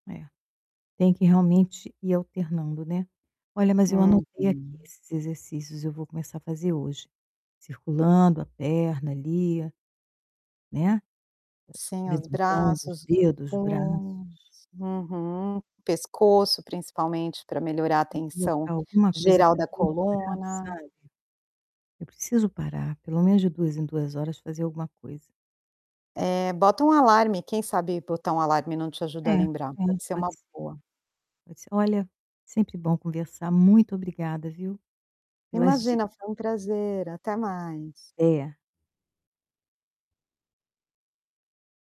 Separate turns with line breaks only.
É. Tem que realmente ir alternando, né. Olha, mas eu anotei aqui
Uhum.
esses exercícios, e eu vou começar a fazer hoje. Circulando a perna ali, né, eh,
Sim, os
levantando os
braços, os
dedos,
punhos.
braços.
Uhum, pescoço, principalmente, pra melhorar a
Vou
tensão
colocar alguma coisa
geral
pra
da
eu lembrar,
coluna.
sabe, eu preciso parar, pelo menos de 2 em 2 horas fazer alguma coisa.
Eh, bota um alarme, quem sabe botar um alarme não te
É,
ajuda a lembrar?
é,
Pode ser uma
pode ser.
boa.
Poder ser Olha, sempre bom conversar. Muito obrigada, viu, pelas dicas.
Imagina. Foi um prazer. Até mais.
É.